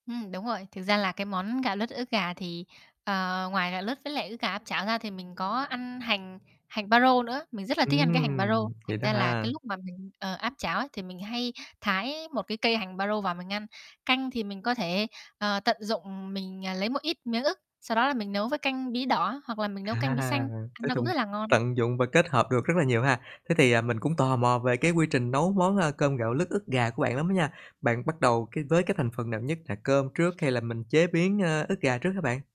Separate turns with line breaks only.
Ừm, đúng rồi, thực ra là cái món gạo lứt ức gà thì, ờ, ngoài gạo lứt với lại ức gà áp chảo ra thì mình có ăn hành hành baro nữa, mình rất là thích ăn cái hành baro,
Ừm,
thành
vậy đó
ra là cái
ha.
lúc mà mình, ờ, áp chảo ấy thì mình hay thái một cái cây hành baro vào mình ăn. Canh thì mình có thể, ờ, tận dụng mình, ờ, lấy một ít miếng ức, sau đó là mình nấu với canh bí đỏ hoặc là mình nấu canh bí
À,
xanh,
tới
nó cũng
tùng
rất là ngon.
tận dụng và kết hợp được rất là nhiều ha. Thế thì, ờ, mình cũng tò mò về cái quy trình nấu món, ơ, cơm gạo lứt ức gà của bạn lắm á nha. Bạn bắt đầu cái với cái thành phần nào nhất, là cơm trước hay là mình chế biến, ơ, ức gà trước hả bạn?